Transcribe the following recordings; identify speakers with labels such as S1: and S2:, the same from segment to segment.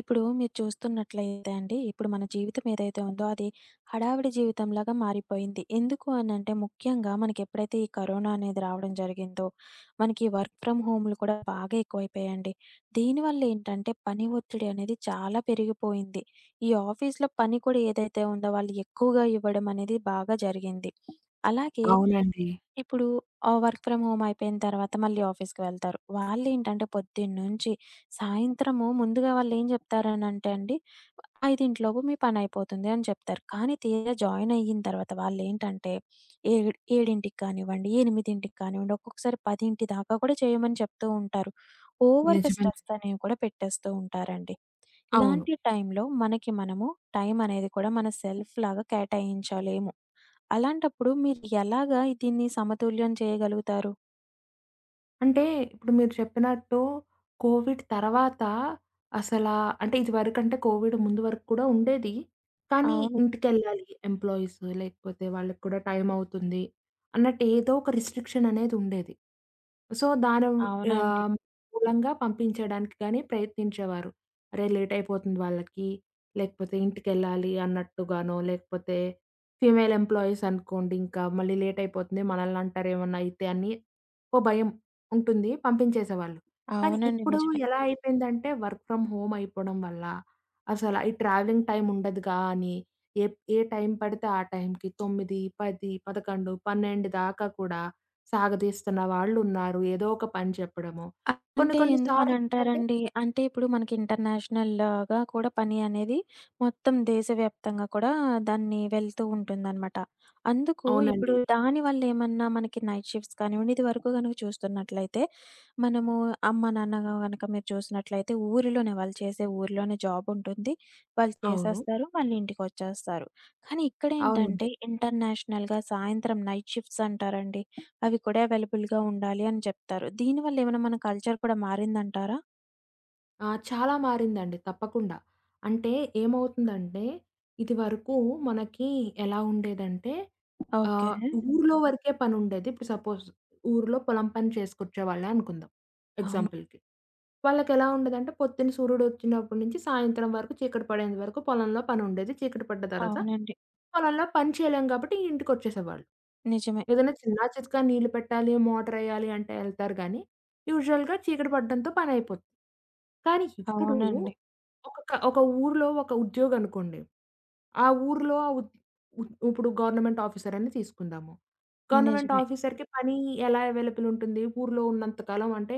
S1: ఇప్పుడు మీరు చూస్తున్నట్లయితే అండి. ఇప్పుడు మన జీవితం ఏదైతే ఉందో అది హడావిడి జీవితంలాగా మారిపోయింది. ఎందుకు అనంటే ముఖ్యంగా మనకెప్పుడైతే ఈ కరోనా అనేది రావడం జరిగిందో, మనకి ఈ వర్క్ ఫ్రమ్ హోములు కూడా బాగా ఎక్కువైపోయాయండి. దీనివల్లెంటంటే పని ఒత్తిడి అనేది చాలా పెరిగిపోయింది. ఈ ఆఫీస్‌లో పని కూడా ఏదైతే ఉందో వాళ్ళు ఎక్కువగా ఇవ్వడమనేది బాగా జరిగింది. అలాగే
S2: అవునండి.
S1: ఇప్పుడు ఆహ్, వర్క్ ఫ్రమ్ హోమ్ అయిపోయిన తర్వాత, మళ్ళీ ఆఫీస్‌కి వెళ్తారు. వాళ్ళేంటంటే పొద్దున్న నుంచి సాయంత్రం ముందుగా వాళ్ళేం జెప్తారనంటే అండి. వ 5 లోపు మీ పని అయిపోతుంది అని చెప్తారు. కానీ, తీరా జాయిన్ అయిన తర్వాత వాళ్ళేంటంటే, ఏడు ఏడింటికి కానివ్వండి, 8కి కానివ్వండి, ఒక్కొక్కసారి 10 దాకా కూడా చేయమని చెప్తూ ఉంటారు. ఓవర్‌గా
S2: నిజమే.
S1: స్ట్రెస్ అనేవి కూడా పెట్టేస్తూ ఉంటారండి.
S2: అవును.
S1: ఇలాంటి టైంలో మనకి మనము టైమనేది కూడా మన సెల్ఫ్‌లాగా కేటాయించలేము. అలాంటప్పుడు మీరు ఎలాగా దీన్ని సమతుల్యం చేయగలుగుతారు?
S2: అంటే ఇప్పుడు మీరు చెప్పినట్టు కోవిడ్ తరువాత అసలా అంటే ఇదివరకంటే కోవిడ్ ముందు వరకు కూడా ఉండేది. కానీ,
S1: అవును.
S2: ఇంటికెళ్ళాలి ఎంప్లాయీస్, లేకపోతే వాళ్ళకి కూడా టైమవుతుంది. అన్నట్టు ఏదోక రిస్ట్రి‌క్షననేది ఉండేది. సో దాని యా
S1: అవునండి.
S2: మూలంగా పంపించడానికి గానీ, ప్రయత్నించేవారు. అరే! లేటయిపోతుంది వాళ్ళకి, లేకపోతే ఇంటికెళ్ళాలి అన్నట్టుగానో, లేకపోతే ఫీమేల్ ఎంప్లాయీస్ అనుకోండి, ఇంకా మళ్ళీ లేట్ అయిపోతుంది. మనల్ని అంటారు, ఏమన్నయితే అని ఒక భయం ఉంటుంది. పంపించేసేవాళ్ళు. కానీ
S1: అవునండి.
S2: ఇప్పుడు
S1: నిజమే.
S2: ఎలా అయిపోయిందంటే వర్క్ ఫ్రమ్ హోమ్ అయిపోవడం వల్ల, అసలు ఈ ట్రావెలింగ్ టైమ్ ఉండదుగా అని, ఏ ఏ టైం పడితే ఆ టైంకి 9, 10, 11, 12 దాకా కూడా సాగదీస్తున్న వాళ్ళు ఉన్నారు. ఏదో ఒక పని చెప్పడము. కొన్ని
S1: అంటే
S2: కొన్ని
S1: ఎందుకని
S2: సార్లు ఏంటంటే
S1: అంటారండి? అంటే ఇప్పుడు మనకి ఇంటర్‌నేషనల్‌గా కూడా పని అనేది మొత్తం దేశవ్యాప్తంగా కూడా దాన్ని వెళ్తూ ఉంటుందనమాట. అందుకు ఇప్పుడు
S2: అవునండి.
S1: దాని వల్ల ఏమన్నా మనకి నైట్ షిఫ్ట్స్ కానివ్వండి ఇది వరకు గనుక చూస్తున్నట్లయితే మనము అమ్మ, నాన్న కనుక మీరు చూసినట్లయితే ఊరిలోనే, వాళ్ళు చేసే ఊరిలోనే జాబుంటుంది. వాళ్ళు
S2: అవును.
S1: చేసేస్తారు, మళ్ళీ ఇంటికొచ్చేస్తారు. కానీ
S2: అవునండి.
S1: ఇక్కడేంటంటే ఇంటర్‌నేషనల్‌గా సాయంత్రం నైట్ షిఫ్ట్స్ అంటారండి. అవి కూడా అవైలబుల్‌గా ఉండాలి అని చెప్తారు. దీనివల్ల ఏమైనా మన కల్చర్ కూడా మారిందంటారా?
S2: ఆ! చాలా మారిందండి తప్పకుండా. అంటే ఏమవుతుందంటే, ఇదివరకు మనకి ఎలా ఉండేదంటే
S1: ఓకే.
S2: ఆహ్, ఊరిలో వరకే పనుండేది. ఇప్పుడు సపోజ్ ఊరిలో పొలం పని చేసుకొచ్చే వాళ్ళే అనుకుందాం
S1: అవును.
S2: ఎగ్జాంపుల్‌కి. వాళ్ళకేలా ఉండేదంటే, పొద్దున సూర్యుడోచ్చినప్పటి నుంచి సాయంత్రం వరకు చీకటి పడేంత వరకు పొలంలో పని ఉండేది, చీకటి పడ్డ తర్వాత
S1: అవునండి.
S2: పొలంలో పని చేయలేం గాబట్టి ఇంటికొచ్చేసేవాళ్ళు.
S1: నిజమే.
S2: ఏదైనా చిన్నా, చితకా నీళ్లు పెట్టాలి, మోటారేయ్యాలి అంటే ఏళ్తారు గానీ, యూజువల్‌గా చీకటి పడడంతో పనైయిపోతుంది. కానీ, ఇప్పుడు
S1: అవునండి.
S2: ఒక‌కా ఒక ఊరిలో ఒక ఉద్యోగనుకోండి ఆ ఊరిలో ఆ వు వు ఇప్పుడు గవర్నమెంట్ ఆఫీసరని తీసుకుందాము గవర్నమెంట్
S1: నిజమే.
S2: ఆఫీసర్‌కి పని ఎలా అవైలబుల్ ఉంటుంది? ఊరిలో ఉన్నంత కాలం అంటే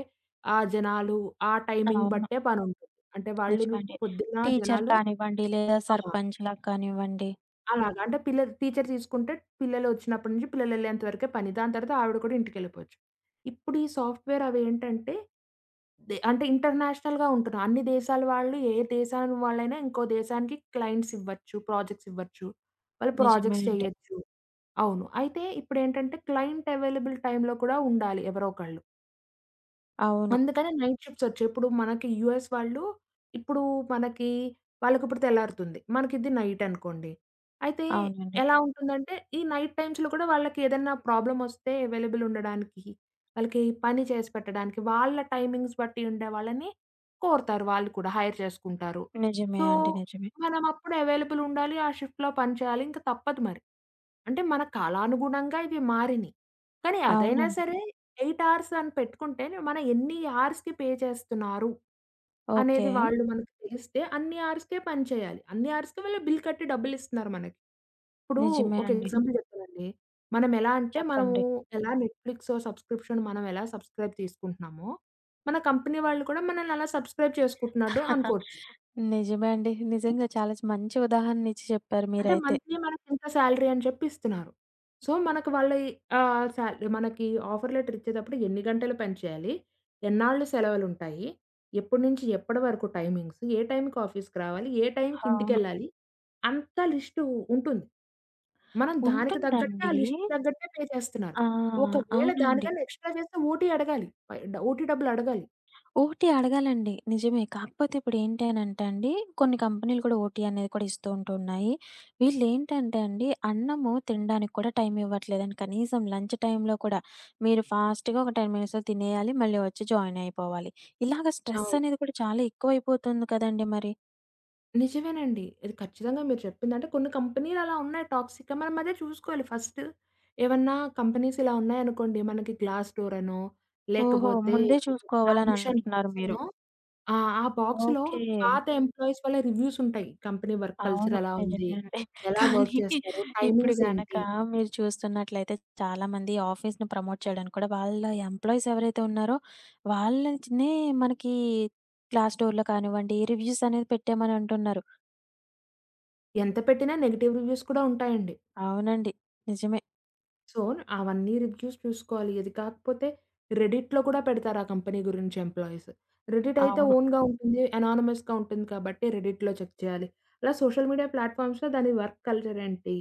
S2: ఆ జనాలు, ఆ టైమింగ్
S1: అవును.
S2: బట్టే పనుంటుంది. అంటే వాళ్ళు‌ రు
S1: నిజమండి.
S2: పొద్దున్న
S1: టీచర్
S2: జనాలు
S1: కానివ్వండి, లేదా
S2: ఆ!
S1: సర్పంచ్‌లకు కానివ్వండి
S2: అలాగా అంటే పిల్లలు టీచర్ తీసుకుంటే పిల్లలు ఒచ్చినప్పటి నుంచి పిల్లలేళ్ళేంత వరకే పని, దాని తర్వాత ఆవిడ కూడా ఇంటికేళ్ళిపోచ్చు. ఇప్పుడు ఈ సాఫ్ట్‌వేర్ అవేంటంటే, దే అంటే ఇంటర్నేషనల్‌గా ఉంటున్నాయి అన్ని దేశాల వాళ్ళు ఏ దేశం వాళ్ళైనా, ఇంకో దేశానికి క్లయింట్స్ ఇవ్వచ్చు, ప్రాజెక్ట్స్ ఇవ్వచ్చు. వాళ్ళు
S1: నిజమే
S2: ప్రాజెక్ట్స్
S1: అండి.
S2: చెయ్యొచ్చు. అవును. అయితే ఇప్పుడేంటంటే, క్లయింట్ అవైలబుల్ టైమ్‌లో కూడా ఉండాలి ఎవరో ఒకళ్ళు.
S1: అవును.
S2: అందుకని నైట్ షిఫ్ట్స్ ఒచ్చాయి. ఇప్పుడు మనకి యూఎస్ వాళ్ళు, ఇప్పుడు మనకి వాళ్ళకి ఇప్పుడు తెల్లారుతుంది. మనకిది నైట్ అనుకోండి. అయితే
S1: అవునండి.
S2: ఎలా ఉంటుందంటే ఈ నైట్ టైమ్స్‌లో కూడా వాళ్ళకేదన్నా ప్రాబ్లమ్ ఒస్తే ఎవైలబుల్ ఉండడానికి, వాళ్ళకి పని చేసిపెట్టడానికి, వాళ్ళ టైమింగ్స్ బట్టి ఉండేవాళ్ళని కోరుతారు వాళ్ళు కూడా. హైర్ చేసుకుంటారు.
S1: నిజమే
S2: సో,
S1: అండి. నిజమే.
S2: మనం అప్పుడు ఎవైలబుల్ ఉండాలి. ఆ షిఫ్ట్‌లో పని చేయాలి. ఇంక తప్పదు మరి. అంటే మన కాలానుగుణంగా ఇవి మారినయి. కానీ, అదైనా
S1: అవునండి.
S2: సరే 8 ఆర్స్‌ అని పెట్టుకుంటే మనం ఎన్ని ఆర్స్‌కి పే చేస్తున్నారు? అనేది
S1: ఓకే.
S2: వాళ్ళు మనకు తెలిస్తే అన్ని ఆర్స్‌కే పనిచేయాలి. అన్ని ఆర్స్‌కే వాళ్ళు బిల్ కట్టి డబ్బులిస్తున్నారు మనకి. ఇప్పుడు
S1: నిజమే
S2: ఒక
S1: అండి.
S2: ఎగ్జాంపుల్ చెప్తానండి. మనం ఎలా అంటే మనము,
S1: చెప్పండి.
S2: ఎలా నెట్‌ఫ్లిక్స్ సబ్స్‌క్రిప్షన్ మనం ఎలా సబ్స్‌క్రైబ్ తీసుకుంటున్నామో, మన కంపెనీ వాళ్ళు కూడా మనల్నలా సబ్స్‌క్రైబ్ చేసుకుంటున్నట్టు అనుకోవచ్చు.
S1: నిజమే అండి. నిజంగా చాలా మంచి ఉదాహరణిచ్చి చెప్పారు
S2: అంటే
S1: మీరైతే.
S2: మంత్లీ మనకింత సాలరీ అని చెప్పి ఇస్తున్నారు. సో, మనకు వాళ్ళ ఆహ్, సాల్ మనకి ఆఫర్ లెటర్ ఇచ్చేటప్పుడు ఎన్ని గంటలు పని చేయాలి? ఎన్నాళ్లు సెలవులుంటాయి? ఎప్పటి నుంచి ఎప్పటి వరకు టైమింగ్స్? ఏ టైంకి ఆఫీసు‌కి రావాలి? ఏ టైంకి
S1: అవును.
S2: ఇంటికెళ్ళాలి? అంతా లిస్టు ఉంటుంది. మనం దానికి తగ్గట్టే ఆ
S1: ఉంటుందండి.
S2: లిస్ట్‌కి తగ్గట్టే పే చేస్తున్నారు.
S1: ఆ!
S2: ఒకవేళ
S1: అవునండి.
S2: దానికన్నా ఎక్స్‌స్ట్రా చేస్తే ఓటీ అడగాలి. పై డ ఓటీ డబ్బులడగాలి.
S1: ఓటీ అడగాలండి. నిజమే. కాకపోతే ఇప్పుడు ఏంటీ అనంటే అండి, కొన్ని కంపెనీలు కూడా ఓటీ అనేది కూడా ఇస్తూ ఉంటున్నాయి. వీళ్ళేంటంటే అండి అన్నము తిండానికి కూడా టైం ఇవ్వట్లేదండి. కనీసం లంచ్ టైంలో కూడా మీరు ఫాస్ట్‌గా ఒక 10 మినిట్స్‌లో తినేయాలి. మళ్ళీ ఒచ్చి జాయిన్ అయిపోవాలి. ఇలాగ స్ట్రెస్
S2: అవును.
S1: అనేది కూడా చాలా ఎక్కువయిపోతుంది కదండీ మరి!
S2: నిజమేనండి. ఇది ఖచ్చితంగా మీరు చెప్పింది. అంటే కొన్ని కంపెనీలలా ఉన్నాయి. టాక్సిక్‌గా, మనం అదే జూసుకోవాలి ఫస్ట్. ఏవన్నా కంపెనీసిలా ఉన్నాయనుకోండి. మనకి గ్లాస్ డోరనో,
S1: ఓహో!
S2: లేకపోతే
S1: ముందే చూసుకోవాలని
S2: యాంబిషన్
S1: అంటున్నారు మీరు?
S2: బాక్సనో, ఆహ్, ఆ బాక్సులో
S1: ఓకే.
S2: పాత ఎంప్లాయీస్ వల్ల రివ్యూసుంటాయి. కంపెనీ వర్క్
S1: అవును.
S2: కల్చరేలా ఉంది?
S1: నిజమే అండి.
S2: ఎలా వర్క్
S1: కానీ,
S2: జేస్తారు?
S1: ఇప్పుడు గనక
S2: టైమింగ్సేంటి?
S1: మీరు చూస్తున్నట్లయితే, చాలామంది ఆఫీస్‌ని ప్రమోట్ చేయడానికి కూడా, వాళ్ళ ఎంప్లాయీసేవరైతే ఉన్నారో, వాళ్ళనుంచినే మనకి క్లాస్ డోర్‌లో కానివ్వండి. రివ్యూసనేవి పెట్టేయమని అంటున్నారు.
S2: ఎంత పెట్టినా నెగెటివ్ రివ్యూస్ కూడా ఉంటాయండి.
S1: అవునండి. నిజమే.
S2: సో, అవన్నీ రివ్యూస్ జూసుకోవాలి. ఇది కాకపోతే, రెడిట్‌లో కూడా పెడతారు. ఆ కంపెనీ గురించి ఎంప్లాయీస్. రెడిటయితే
S1: అవును.
S2: ఓన్‌గా ఉంటుంది. అనానిమస్‌గా ఉంటుంది. కాబట్టి రెడిట్‌లో చెక్ చేయాలి. ఇలా సోషల్ మీడియా ప్లాట్ ఫామ్స్‌లో దాని వర్క్ కల్చరేంటి?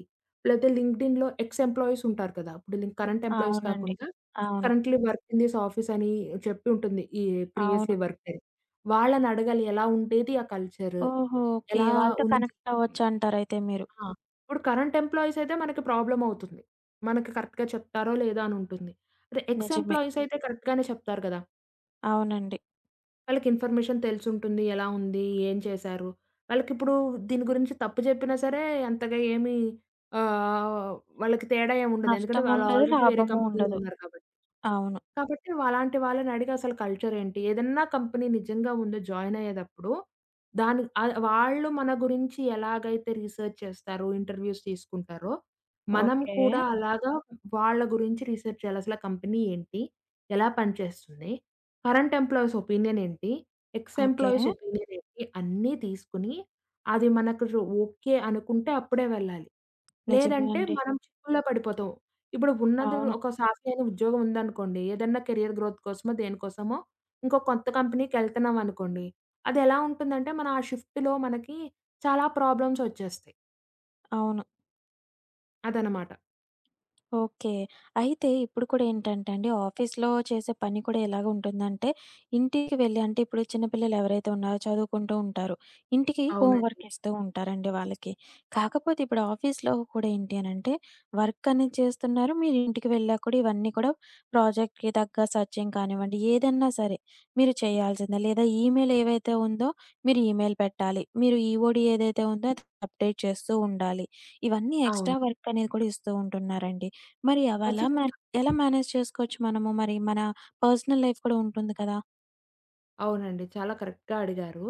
S2: లేకతే లింకడిన్‌లో ఎక్స్ ఎంప్లాయీసుంటారు గదా! ఇప్పుడు కరెంట్ ఎంప్లాయీస్
S1: అవునండి.
S2: కాకుండా,
S1: అవును.
S2: కరెంట్‌లీ వర్క్ ఇన్ థిస్ ఆఫీసని, జెప్పుంటుంది. ఈ
S1: అవును.
S2: ప్రీవియస్‌లి వర్కుని వాళ్ళనడగాలి, ఎలా ఉండేది ఆ కల్చరు?
S1: ఓహో! ఓకే.
S2: ఎలా
S1: వాళ్ళతో
S2: ఉంది.
S1: కనెక్టవ్వచ్చు అంటరయితే మీరు?
S2: ఆ! ఇప్పుడు కరెంట్ ఎంప్లాయీసయితే, మనకి ప్రాబ్లమవుతుంది. మనకి కరెక్ట్‌గా చెప్తారో, లేదో అని ఉంటుంది. అదే ఎక్స్
S1: నిజమే.
S2: ఎంప్లాయీసయితే కరెక్ట్ గానే చెప్తారు గదా!
S1: అవునండి.
S2: వాళ్ళకి ఇన్‌ఫర్మేషన్ తెలిసుంటుంది. ఎలా ఉంది? ఏం చేశారు? వాళ్ళకిప్పుడు దీని గురించి తప్పు జెప్పినా సరే, అంతగా ఏమి ఆహ్, వాళ్ళకి తేడా ఏముండదు. ఎందుకంటే,
S1: నష్టం
S2: వాళ్ళు
S1: ఉండదు,
S2: ఆల్రెడీ వేరే
S1: లాభము
S2: కంపెనీ‌లో
S1: ఉండదు.
S2: ఉన్నారు కాబట్టి.
S1: అవును.
S2: కాబట్టి, వలాంటి వాళ్ళనడిగి అసలు కల్చర్ ఏంటి? ఏదన్నా కంపెనీ నిజంగా ముందు జాయిన్ అయ్యేదప్పుడు, దాన్ని ఆహ్, వాళ్ళు మన గురించి ఎలాగైతే రిసర్చ్ చేస్తారో, ఇంటర్వ్యూస్ తీసుకుంటారో, మనం
S1: ఓకే.
S2: కూడా అలాగా వాళ్ళ గురించి రీసెర్చ్ చేయాలి. అసల కంపెనీ ఏంటి? ఎలా పని చేస్తుంది? కరెంట్ ఎంప్లాయీస్ ఒపీనియన్ ఏంటి? Ex
S1: okay.
S2: ఎంప్లాయీస్ ఒపీనియన్ ఏంటి? అన్నీ తీసుకొని, అది మనకు రు ఓకే అనుకుంటే అప్పుడే వెళ్ళాలి.
S1: నిజమే
S2: లేదంటే,
S1: అండి.
S2: మనం చిక్కుల్లో పడిపోతాం. ఇప్పుడు ఉన్నది
S1: అవును.
S2: ఒక సాఫి అయిన ఉద్యోగం ఉందనుకోండి, ఏదన్నా కెరియర్ గ్రోత్ కోసమో, దేనికోసమో, ఇంకో కొత్త కంపెనీకెళ్తున్నాం అనుకోండి. అదెలా ఉంటుందంటే, మనం ఆ షిఫ్ట్‌లో మనకి చాలా ప్రాబ్లమ్సొచ్చేస్తాయి.
S1: అవును.
S2: అదన్నమాట.
S1: ఓకే. అయితే, ఇప్పుడు కూడా ఏంటంటే అండి. ఆఫీస్‌లో చేసే పని కూడా ఎలాగ ఉంటుందంటే, ఇంటికి వెళ్లి అంటే, ఇప్పుడు చిన్నపిల్లలెవరైతే ఉన్నారో చదువుకుంటూ ఉంటారు. ఇంటికి
S2: అవునండి.
S1: హోంవర్క్ ఇస్తూ ఉంటారండి వాళ్ళకి. కాకపోతే, ఇప్పుడు ఆఫీస్‌లో కూడా ఏంటి అనంటే వర్క్ అనేది చేస్తున్నారు, మీరింటికి వెళ్ళాక కూడా, ఇవన్నీ కూడా ప్రాజెక్ట్‌కి తగ్గ సెర్చింగ్ కానివ్వండి, ఏదన్నా సరే మీరు చేయాల్సిందే. లేదా, ఈమెయిల్ ఏదైతే ఉందో, మీరు ఈమెయిల్ పెట్టాలి. మీరు ఈఓడి ఏదైతే ఉందో, అది అప్‌డేట్ చేస్తూ ఉండాలి. ఇవన్నీ ఎక్స్‌ట్రా
S2: అవును.
S1: వర్క్ అనేది కూడా ఇస్తూ ఉంటున్నారండి. మరి, అవెలా మేనే
S2: ఖచ్చితంగా.
S1: ఎలా మేనేజ్ చేసుకోవచ్చు మనము? మరి, మన పర్సనల్ లైఫ్ కూడా ఉంటుంది కదా!
S2: అవునండి. చాలా కరెక్ట్‌గా అడిగారు.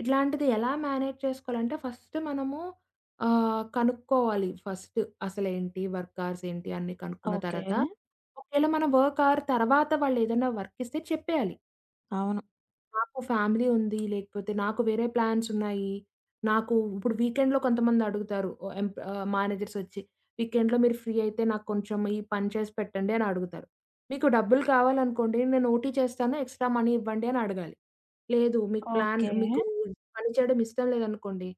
S2: ఇట్లాంటిది ఎలా మేనేజ్ చేసుకోవాలంటే ఫస్టు మనము ఆహ్, కనుక్కోవాలి ఫస్టు. అసలేంటి? వర్క్ అవర్స్ ఏంటి? అన్ని కనుక్కున్న
S1: ఓకే.
S2: తర్వాత ఒకేళ మనం వర్క్ అవర్ తర్వాత వాళ్ళు ఏదైనా వర్క్ ఇస్తే చెప్పేయాలి.
S1: అవును.
S2: నాకు ఫ్యామిలీ ఉంది, లేకపోతే నాకు వేరే ప్లాన్స్ ఉన్నాయి. నాకూ ఇప్పుడు వీకెండ్‌లో కొంతమంది అడుగుతారు ఓ ఎంప్ ఆహ్, మేనేజర్స్ ఒచ్చి. వీకెండ్‌లో మీరు ఫ్రీ అయితే నాకు కొంచెం ఈ పని చేసి పెట్టండి అని అడుగుతారు. మీకు డబ్బులు కావాలనుకోండి నేను ఓటీ చేస్తాను ఎక్స్‌స్ట్రా‌మనీ ఇవ్వండి అని అడగాలి. లేదు మీకు ప్లాన్
S1: ఓకే.
S2: మీకు పని చేయడం ఇష్టం లేదనుకోండి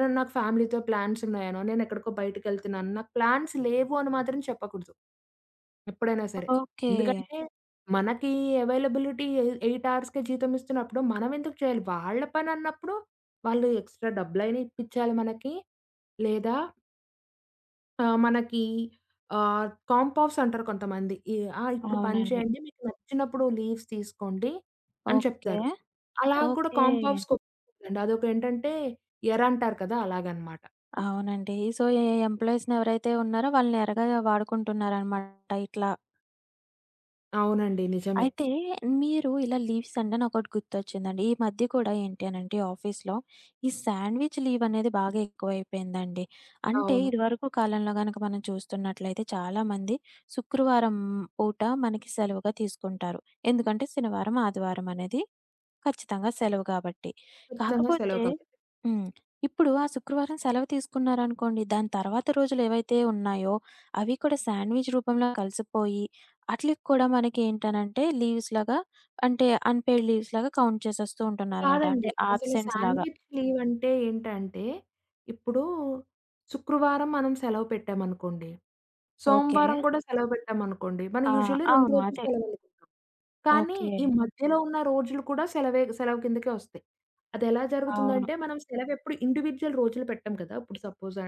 S2: నను నాకు ఫ్యామిలీతో ప్లాన్స్ ఉన్నాయినో నేను ఎక్కడికో బయటికెళ్తున్నాను నాకు ప్లాన్స్ లేవు అని మాత్రం చెప్పకూడదు ఎప్పుడైనా సరే.
S1: ఓకే.
S2: ఎందుకంటే మనకి అవైలబిలిటీ ఎ ఎయిట్ అవర్స్‌కే జీతం ఇస్తున్నప్పుడు మనం ఎందుకు చేయాలి? వాళ్ళ పని అన్నప్పుడు వాళ్ళు ఎక్స్‌స్ట్రా డబ్బులు అయినా ఇప్పించాలి మనకి. లేదా ఆ! మనకీ ఆహ్, కాంప్ ఆఫ్స్ అంటారు కొంతమంది ఇ ఆహ్, ఇప్పుడు పని
S1: అవునండి.
S2: చేయండి మీకు నచ్చినప్పుడు లీవ్స్ తీసుకోండి అని
S1: ఓకే.
S2: చెప్తారు. అలా కూడా
S1: ఓకే.
S2: కాంప్ ఆఫ్స్ ఒప్పుకోకూడదండి అదొకటేంటంటే ఎర అంటారు కదా! అలాగనమాట.
S1: అవునండి. సో, ఎ ఎంప్లాయీస్‌ని ఎవరైతే ఉన్నారో వాళ్ళని ఎరగా వాడుకుంటున్నారన్నమాట ఇట్లా.
S2: అవునండి. నిజమే.
S1: అయితే మీరు ఇలా లీవ్స్ అంటే నాకోటి గుర్తొచ్చిందండి. ఈ మధ్య కూడా ఏంటి అనంటే, ఆఫీస్‌లో ఈ సాండ్‌విచ్ లీవ్ అనేది బాగా ఎక్కువైపోయిందండి. అంటే,
S2: అవును.
S1: ఇదివరకు కాలంలో గనక మనం చూస్తున్నట్లయితే, చాలామంది శుక్రవారం పూట మనకి సెలవుగా తీసుకుంటారు. ఎందుకంటే, శనివారం ఆదివారం అనేది ఖచ్చితంగా సెలవు గాబట్టి.
S2: ఖచ్చితంగా సెలవు
S1: కాకపోతే
S2: కావాలి.
S1: హ్మ్. ఇప్పుడు ఆ శుక్రవారం సెలవు తీసుకున్నారనుకోండి దాని తర్వాత రోజులేవైతే ఉన్నాయో అవి కూడా సాండ్‌విచ్ రూపంలో కలిసిపోయి, ఆట్లికి కూడా మనకేంటనంటే, లీవ్స్‌లాగా అంటే అన్‌పెయిడ్ లీవ్స్‌లాగా కౌంట్ చేసేస్తూ ఉంటున్నారనమాట.
S2: కాదండి.
S1: అంటే
S2: అసలు
S1: ఆబ్‌సెన్స్‌లాగా.
S2: సాండ్‌విచ్ లీవ్ అంటే ఏంటంటే, ఇప్పుడు శుక్రవారం మనం సెలవు పెట్టామనుకోండి,
S1: ఓకే.
S2: సోమవారం కూడా సెలవు పెట్టామనుకోండి. మనం
S1: ఆ!
S2: యూజువల్లీ 2
S1: అవును.
S2: రోజులు
S1: అదే.
S2: సెలవులు [unintelligible] కానీ ఈ
S1: ఓకే.
S2: మధ్యలో ఉన్న రోజులు కూడా సెలవే సెలవు కిందకే వస్తయి. అదెలా
S1: అవును.
S2: జరుగుతుందంటే, మనం సెలవు ఎప్పుడు ఇండివిడ్యువల్ రోజులు పెట్టాం కదా! ఇప్పుడు సపోజ్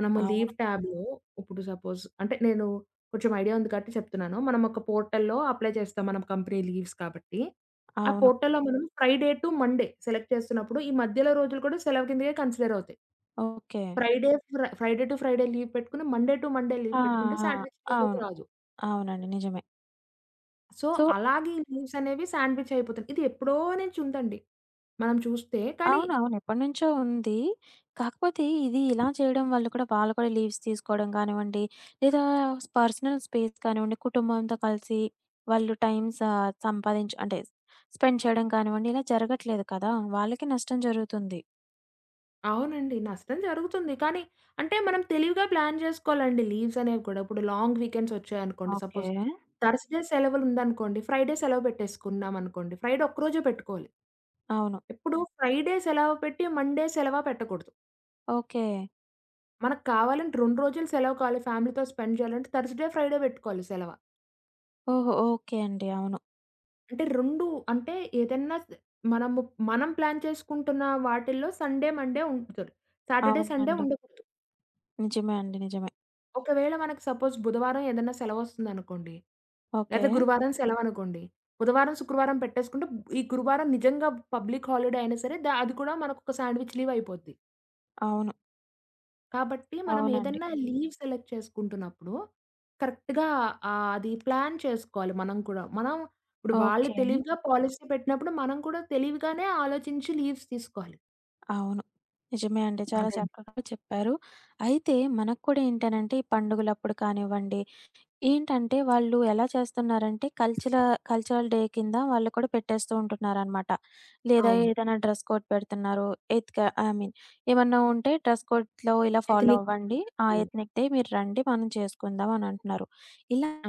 S2: మనము
S1: అవును.
S2: లీవ్ ట్యాబ్‌లో, ఇప్పుడు సపోజ్ అంటే నేను కొంచెం ఐడియా ఉంది కాబట్టి చెప్తున్నాను. మనం ఒక పోర్టల్‌లో అప్లై చేస్తాం మనం కంపెనీ లీవ్స్ కాబట్టి. ఆ
S1: అవును.
S2: పోర్టల్‌లో మనం ఫ్రైడే టు మండే సెలెక్ట్ చేస్తున్నప్పుడు, ఈ మధ్యలో రోజులు కూడా సెలవు కింద కన్సిడర్ అవుతాయి.
S1: Okay.
S2: Friday, Fri Friday to Friday leave పెట్టుకొని మండే టు మండే లీవ్
S1: ఆ!
S2: పెట్టుకుంటే సాండ్‌విచ్
S1: ఆ!
S2: లీవ్‌లోకి
S1: అవును.
S2: రాదు.
S1: అవునండి. నిజమే.
S2: సో,
S1: సో
S2: అలాగే ఈ లీవ్స్ అనేవి సాండ్‌విచ్ అయిపోతున్నాయి. ఇది ఎప్పుడో నుంచి ఉందండి. మనం చూస్తే కానీ
S1: అవునవును ఎప్పటినుంచో ఉంది. కాకపోతే ఇది ఇలా చేయడం వల్ల కూడా వాళ్ళు కూడా లీవ్స్ తీసుకోవడం గానివ్వండి, లేదా పర్సనల్ స్పేస్ కానివ్వండి, కుటుంబంతో కలిసి వాళ్ళు టైం స సంపాదించు అంటే స్పెండ్ చేయడం కానివ్వండి ఇలా జరగట్లేదు కదా! వాళ్ళకి నష్టం జరుగుతుంది.
S2: అవునండి. నష్టం జరుగుతుంది. కానీ, అంటే మనం తెలివిగా ప్లాన్ జేసుకోవాలండి లీవ్స్ అనేవి కూడా. ఇప్పుడు లాంగ్ వీకెండ్స్ ఒచ్చాయనుకోండి,
S1: ఓకే.
S2: సపోజ్ థర్స్డే సెలవులుందనుకోండి, ఫ్రైడే సెలవు బెట్టేసుకున్నామనుకోండి, ఫ్రైడే ఒక్కరోజే పెట్టుకోలి.
S1: అవును.
S2: ఎప్పుడు ఫ్రైడే సెలవు పెట్టి మండే సెలవ పెట్టకూడదు.
S1: ఓకే.
S2: మనకు కావాలంటే 2 రోజులు సెలవు కావాలి ఫ్యామిలీ‌తో స్పెండ్ జేయాలంటే, థర్స్డే ఫ్రైడే బెట్టుకోవాలి సెలవ.
S1: ఓహో! ఓకే అండి. అవును.
S2: అంటే రొండు అంటే ఏదైనా స్ మనము మనం ప్లాన్ చేసుకుంటున్న వాటిల్లో సండే, మండే ఉంచుతారు. సాటర్‌డే సండే
S1: అవునండి.
S2: ఉండకూడదు.
S1: నిజమే అండి. నిజమే.
S2: ఒకవేళ మనకు సపోజ్ బుధవారం ఏదైనా సెలవోస్తుందనుకోండి. లేదా
S1: ఓకే.
S2: గురువారం సెలవనుకోండి. బుధవారం ,శుక్రవారం పెట్టేసుకుంటే ఈ గురువారం నిజంగా పబ్లిక్ హాలిడే అయినా సరే దా అది కూడా మనకొక సాండ్‌విచ్ లీవ్ అయిపోద్ది.
S1: అవును.
S2: కాబట్టి మనం
S1: అవునండి.
S2: ఏదన్నా లీవ్ సెలెక్ట్ చేసుకుంటున్నప్పుడు కరెక్ట్‌గా ఆహ్, అది ప్లాన్ చేసుకోవాలి మనం కూడా. మనం ఇప్పుడు వాళ్ళు
S1: ఓకే.
S2: తెలివిగా పాలిసీ పెట్టినప్పుడు మనం కూడా తెలివిగానే ఆలోచించి లీవ్స్ తీసుకోవాలి.
S1: అవును. నిజమే అండి. చాలా
S2: అదండీ.
S1: చక్కగా చెప్పారు. అయితే మనక్కూడా ఏంటనంటే ఈ పండుగలప్పుడు కానివ్వండి, ఏంటంటే వాళ్ళు ఎలా చేస్తున్నారంటే కల్చల కల్చరల్ డే కింద వాళ్ళు కూడా పెట్టేస్తూ ఉంటున్నారనమాట. లేదా
S2: అవును.
S1: ఏదనా డ్రెస్ కోడ్ పెడుతున్నారు. ఎత్క ఐ మీన్ "ఏమన్నా ఉంటే డ్రెస్ కోడ్‌లొ ఇలా ఫాలో
S2: ఎతినిక్
S1: అవ్వండి. ఆ!
S2: టెక్నికల్లీ.
S1: ఎత్నిక్ డే మీరండి మనం చేసుకుందాం" అని అంటున్నారు.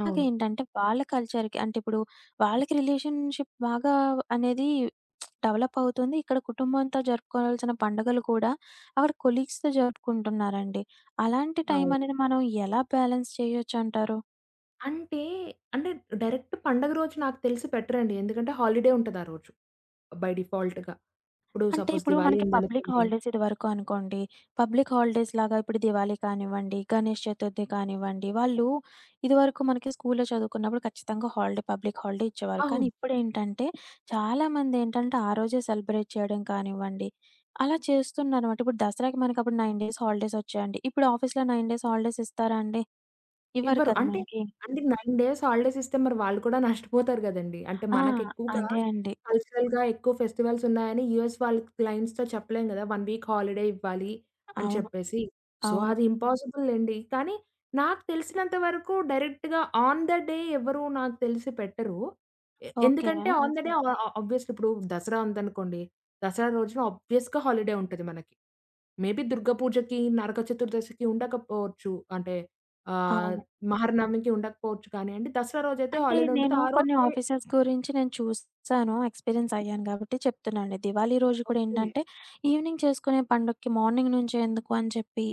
S2: అవును.
S1: వాళ్ళ కల్చర్‌కి అంటే ఇప్పుడు వాళ్ళకి రిలేషన్‌షిప్ బాగా అనేది డెవలప్ అవుతుంది. ఇక్కడ కుటుంబంతో జరుపుకోవాల్సిన పండుగలు కూడా అక్కడ కొలీగ్స్‌తో జరుపుకుంటున్నారండి. అలాంటి
S2: అవును.
S1: టైమనేది మనం ఎలా బ్యాలెన్స్ చేయొచ్చంటారు?
S2: అంటే అంటే డైరెక్ట్ పండుగ రోజు నాకు తెలిసి పెట్టరండి ఎందుకంటే హాలిడే ఉంటది ఆ రోజు బై డిఫాల్ట్‌గా. ఇప్పుడు
S1: అంటే
S2: సపోజ్
S1: ఇప్పుడు
S2: దివాళీ
S1: మనకి పబ్లిక్
S2: ఉందనుకోండి.
S1: హాలిడేస్ ఇదివరకు అనుకోండి. పబ్లిక్ హాలిడేస్‌లాగా ఇప్పుడు దివాళీ కానివ్వండి, గణేష్ చతుర్థి కానివ్వండి. వాళ్ళు ఇదివరకు మనకి స్కూల్లో చదువుకున్నప్పుడు ఖచ్చితంగా హాలిడే పబ్లిక్ హాలిడే ఇచ్చేవారు.
S2: ఆహ్,
S1: కానీ
S2: హ్మ్.
S1: ఇప్పుడేంటంటే చాలామందేంటంటే ఆ రోజే సెలబ్రేట్ చేయడం కానివ్వండి అలా చేస్తున్నారు మాట. ఇప్పుడు దసరాకి మనకప్పుడు 9 డేస్ హాలిడేస్ ఒచ్చాయండి. ఇప్పుడు ఆఫీస్‌లొ 9 డేస్ హాలిడేస్ ఇస్తారా అండి? ఇవ్వరు
S2: ఇవ్వరు.
S1: కదా!
S2: అంటే
S1: మనకి.
S2: అంటే 9 డేస్ హాలిడేస్ ఇస్తే మరి వాళ్ళు కూడా నష్టపోతారు గదండీ! అంటే
S1: ఆ!
S2: మనకెక్కువగా
S1: అదే అండి.
S2: కల్చరల్‌గా ఎక్కువ ఫెస్టివల్స్ ఉన్నాయని యూఎస్ వాళ్ళ క్ క్లయింట్స్‌‌తో చెప్పలేం గదా! 1 వీక్ హాలిడే ఇవ్వాలి అని
S1: అవును.
S2: చెప్పేసి. సో
S1: అవును.
S2: అది ఇంపాసిబులండి. కానీ నాకు తెలిసినంత వరకు డైరెక్ట్‌గా ఆన్ ద డే ఎవ్వరు నాకు తెలిసి పెట్టరు. ఎ
S1: ఓకే.
S2: ఎందుకంటే ఆన్ ద డే ఆ ఆ ఆబ్వియస్‌లీ ఇప్పుడు దసరా ఉందనుకోండి. దసరా రోజున ఆబ్వియస్‌గా హాలిడే ఉంటది మనకి. మేబీ దుర్గ పూజకి నరక చతుర్దశికి ఉండకపోవచ్చు అంటే ఆహ్
S1: అవును.
S2: మహర్నమికి ఉండకపోవచ్చు కాని అండి. దసరా రోజైతే
S1: అంటే
S2: హాలిడే ఉంటుంది.
S1: నేను
S2: ఆ
S1: కొన్ని
S2: రోజే
S1: ఆఫీసర్స్ గురించి నేను చూసాను ఎక్స్‌పీరియన్స్ అయ్యాను గాబట్టి చెప్తున్నా అండి. దివాళీ రోజు కూడా
S2: ఓకే.
S1: ఏంటంటే ఈవెనింగ్ చేసుకునే పండగకి మార్నింగ్ నుంచే ఎందుకు అని చెప్పి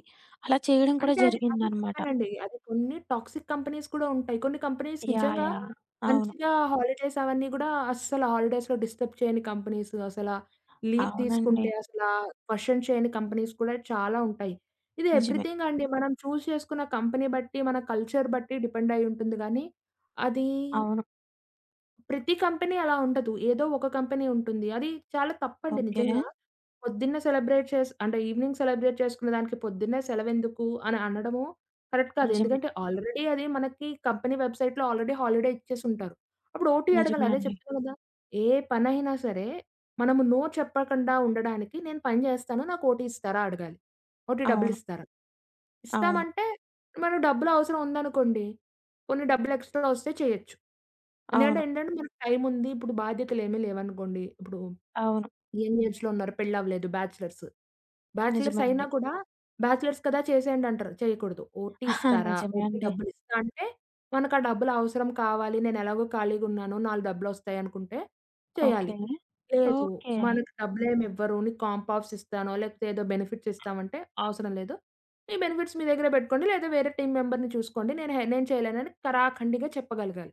S1: అలా చేయడం కూడా
S2: అంటే అది, అదే
S1: జరిగిందనమాట.
S2: చెప్పానండి. అది కొన్ని టాక్సిక్ కంపెనీస్ కూడా ఉంటాయి. కొన్ని కంపెనీస్
S1: యాహ్!
S2: నిజంగా
S1: యాహ్! అవును.
S2: మంచిగా హాలిడేస్ అవన్నీ గూడా అస్సలు హాలిడేస్‌లొ డిస్టర్బ్ చేయని కంపెనీస్ అసల లీవ్
S1: అవునండి.
S2: తీసుకుంటే అసల క్వెషన్ చేయని కంపెనీస్ కూడా చాలా ఉంటాయి. ఇది
S1: నిజమే.
S2: ఎవ్రీథింగ్ అండి. మనం చూజ్ చేసుకున్న కంపెనీ బట్టి మన కల్చర్ బట్టి డిపెండయ్యి ఉంటుంది గానీ అదీ
S1: అవును.
S2: ప్రతి కంపెనీ అలా ఉండదు. ఏదో ఒక కంపెనీ ఉంటుంది. అది చాలా తప్పండి
S1: ఓకే.
S2: నిజంగా. పొద్దున్నే సెలబ్రేట్ చేసి అంటే ఈవెనింగ్ సెలబ్రేట్ చేసుకునే దానికి, పొద్దున్నే సెలవేందుకు అని అనడము, కరెక్ట్ కాదు.
S1: నిజమే.
S2: ఎందుకంటే, ఆల్రెడీ అది మనకి కంపెనీ వెబ్‌సైట్‌లో ఆల్రెడీ హాలిడే ఇచ్చేసుంటారు. అప్పుడు ఓటీ అడగాలి
S1: నిజమే
S2: అదే
S1: అండి.
S2: చెప్తున్నా కదా! ఏ పనయినా సరే, మనము నో చెప్పకుండా ఉండడానికి నేను పని జేస్తాను నాకు ఓటీ ఇస్తారా అడగాలి. ఓటీ డబ్బులు
S1: అవును.
S2: ఇస్తారా,
S1: అవును.
S2: ఇస్తామంటే మనం డబ్బులు అవసరం ఉందనుకోండి, కొన్ని డబ్బులు ఎక్స్‌ట్రా ఒస్తే చేయొచ్చు. ఎందుకంటే,
S1: అవును.
S2: ఏంటంటే, మనకు టైం ఉంది, ఇప్పుడు బాధ్యతలేమీ లేవనుకోండి ఇప్పుడు,
S1: అవును.
S2: యంగ్ ఏజ్‌లో ఉన్నారు. పెళ్లవ్వలేదు. బ్యాచిలర్స్. బ్యాచిలర్స్
S1: నిజమే
S2: అయినా
S1: అండి.
S2: కూడా "బ్యాచిలర్స్ కదా, చేసేయండి" అంటారు చేయకూడదు. "ఓటీ
S1: ఆహా!
S2: ఇస్తారా?"
S1: నిజమే
S2: ఓటీ
S1: అండి.
S2: డబ్బులు ఇస్తా అంటే మనక డబ్బులవసరం కావాలి నేను ఎలాగో ఖాళీగా ఉన్నాను, నాలుగు డబ్బులోస్తాయి అనుకుంటే చేయాలి.
S1: ఓకే.
S2: లేదు
S1: ఓకే.
S2: మనకు డబ్బులేమి ఇవ్వరు, నీకు కాంప్ ఆఫ్స్ ఇస్తాను, లేపోతే ఏదో బెనిఫిట్స్ ఇస్తామంటే అవసరం లేదు. మీ బెనిఫిట్స్ మీ దగ్గరే బెట్టుకోండి లేదా వేరే టీమ్ మెంబర్‌ని చూసుకోండి, నేను హె నేను చేయలేను అని తరాఖండిగా చెప్పగలగాలి.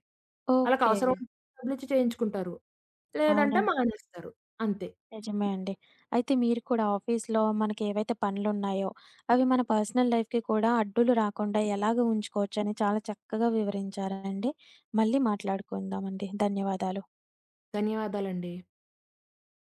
S2: వాళ్ళకవసరం
S1: ఓకే.
S2: ఉంటే డబ్బులిచ్చి చేయించుకుంటారు, లేదంటే
S1: అవునండి.
S2: మానేస్తారు అంతే.
S1: నిజమే అండి. అయితే మీరు కూడా ఆఫీస్‌లో మనకెవైతే పనులున్నాయో, అవి మన పర్సనల్ లైఫ్‌కి కూడా అడ్డులు రాకుండా ఎలాగ ఉంచుకోవచ్చని, చాలా చక్కగా వివరించారండి. మళ్ళీ మాట్లాడుకుందామండి. ధన్యవాదాలు.
S2: ధన్యవాదాలండి.